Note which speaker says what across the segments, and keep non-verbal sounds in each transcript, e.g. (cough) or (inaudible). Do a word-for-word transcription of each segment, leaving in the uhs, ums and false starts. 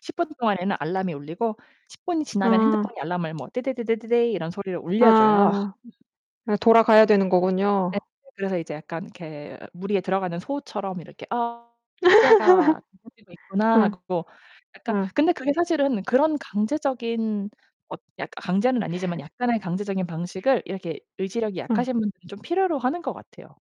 Speaker 1: 십 분 동안에는 알람이 울리고 십 분이 지나면
Speaker 2: 아.
Speaker 1: 핸드폰이 알람을 뭐 '떼데데데데데' 이런 소리로 울려 줘요.
Speaker 2: 아. 아 돌아가야 되는 거군요.
Speaker 1: 네네. 그래서 이제 약간 이렇게 무리에 들어가는 소처럼 이렇게' 아 노래가 울려지고
Speaker 2: (laughs)
Speaker 1: 있구나.'
Speaker 2: 음.
Speaker 1: 하고 약간
Speaker 2: 음.
Speaker 1: 근데 그게 사실은 그런 강제적인 엇 약 강제는 아니지만 약간의 강제적인 방식을 이렇게 의지력이
Speaker 2: 음.
Speaker 1: 약하신 분들은 좀 필요로 하는 것 같아요,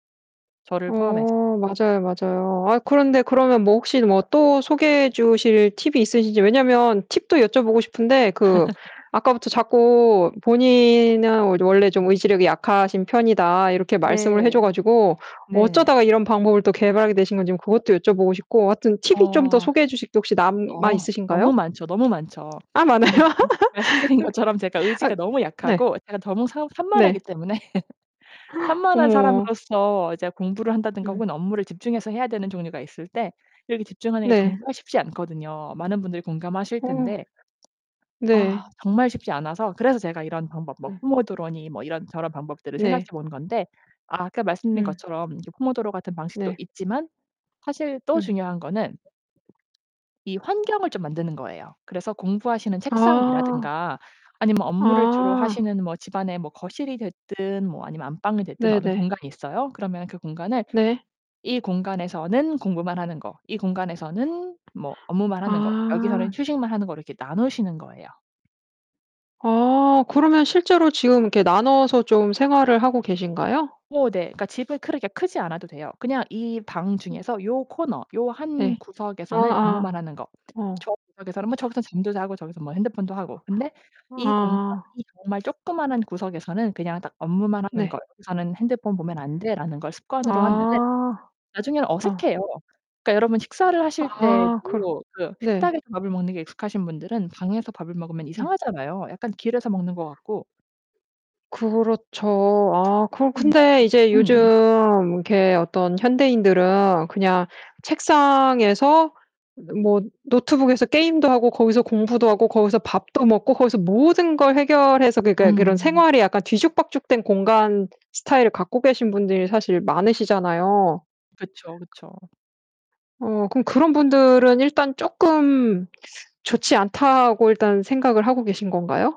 Speaker 1: 저를 포함해서.
Speaker 2: 어 맞아요, 맞아요. 아 그런데 그러면 뭐 혹시 뭐 또 소개해 주실 팁이 있으신지. 왜냐하면 팁도 여쭤보고 싶은데 그
Speaker 1: (laughs)
Speaker 2: 아까부터 자꾸 "본인은 이제 원래 좀 의지력이 약하신 편이다." 이렇게 말씀을 해 줘
Speaker 1: 네.
Speaker 2: 가지고
Speaker 1: 네.
Speaker 2: 어쩌다가 이런 방법을 또 개발하게 되신 건지 그것도 여쭤보고 싶고 하여튼 팁이 좀 더
Speaker 1: 어.
Speaker 2: 소개해 주실 게 혹시 남아
Speaker 1: 어
Speaker 2: 있으신가요?
Speaker 1: 너무 많죠. 너무 많죠.
Speaker 2: 아 많아요?
Speaker 1: (unintelligible)
Speaker 2: (laughs)
Speaker 1: 말씀드린
Speaker 2: 그
Speaker 1: 것처럼 제가
Speaker 2: 아
Speaker 1: 의지가 너무
Speaker 2: 네.
Speaker 1: 약하고 제가 너무 덩 산 산만하기
Speaker 2: 네.
Speaker 1: 때문에 (laughs)
Speaker 2: (gasps)
Speaker 1: 산만한
Speaker 2: 어머.
Speaker 1: 사람으로서 이제 공부를 한다든가
Speaker 2: 음.
Speaker 1: 혹은 업무를 집중해서 해야 되는 종류가 있을 때 이렇게 집중하는 게
Speaker 2: 네.
Speaker 1: 정말 쉽지 않거든요. 많은 분들이 공감하실
Speaker 2: 어.
Speaker 1: 텐데
Speaker 2: 네.
Speaker 1: 아. 정말 쉽지 않아서 그래서 제가 이런 방법 뭐
Speaker 2: 음.
Speaker 1: 뽀모도로니 뭐 이런 저런 방법들을 생각해
Speaker 2: 네.
Speaker 1: 본 건데 아 아까 말씀드린
Speaker 2: 음.
Speaker 1: 것처럼 뽀모도로 같은 방식도
Speaker 2: 네.
Speaker 1: 있지만 사실 또
Speaker 2: 음.
Speaker 1: 중요한 거는 이 환경을 좀 만드는 거예요. 그래서 공부하시는
Speaker 2: 아.
Speaker 1: 책상이라든가 아니면 뭐 업무를 주로
Speaker 2: 아.
Speaker 1: 하시는 뭐 집안에 뭐 거실이 됐든 뭐 아니면 안방이 됐든 어느
Speaker 2: 네네.
Speaker 1: 공간이 있어요. 그러면 그 공간을
Speaker 2: 네.
Speaker 1: 이 공간에서는 공부만 하는 거, 이 공간에서는 뭐 업무만 하는 거, 여기서는
Speaker 2: 아.
Speaker 1: 휴식만 하는 거로 이렇게 나누시는 거예요.
Speaker 2: 아. 그러면 실제로 지금 이렇게 나눠서 좀 생활을 하고 계신가요?
Speaker 1: 어 네. 그러니까 집은 그렇게 크지 않아도 돼요. 그냥 이 방
Speaker 2: 네.
Speaker 1: 중에서 요 코너, 요 한
Speaker 2: 네.
Speaker 1: 구석에서는 업무만
Speaker 2: 아아.
Speaker 1: 하는 거
Speaker 2: 어.
Speaker 1: 저 구석에서는 뭐 저기서는 잠도 자고 저기서 뭐 핸드폰도 하고 근데 이 공간
Speaker 2: 아.
Speaker 1: 이 정말 조그만한 구석에서는 그냥 딱 업무만 하는 거
Speaker 2: 네.
Speaker 1: '여기서는 핸드폰 보면 안 돼.'라는 걸 습관으로 하면은
Speaker 2: 아.
Speaker 1: 나중에는
Speaker 2: 아.
Speaker 1: 어색해요. 그러니까 여러분 식사를 하실
Speaker 2: 아 그렇
Speaker 1: 때에도 그
Speaker 2: 네.
Speaker 1: 식탁에서 밥을 먹는 게 익숙하신 분들은 방에서 밥을 먹으면
Speaker 2: 네.
Speaker 1: 이상하잖아요, 약간 길에서 먹는 것 같고.
Speaker 2: 그렇죠. 아 그러
Speaker 1: 그럼요.
Speaker 2: 근데 이제 요즘
Speaker 1: 음.
Speaker 2: 이렇게 어떤 현대인들은 그냥 책상에서 느 뭐 노트북에서 게임도 하고 거기서 공부도 하고 거기서 밥도 먹고 거기서 모든 걸 해결해서 그러니까 그런
Speaker 1: 음.
Speaker 2: 생활이 약간 뒤죽박죽된 공간 스타일을 갖고 계신 분들이 사실 많으시잖아요.
Speaker 1: 그쵸, 그쵸.
Speaker 2: 어. 그럼 그런 분들은 일단 쪼끔 (sucks teeth) 좋지 않다고 일단 생각을 하고 계신 건가요?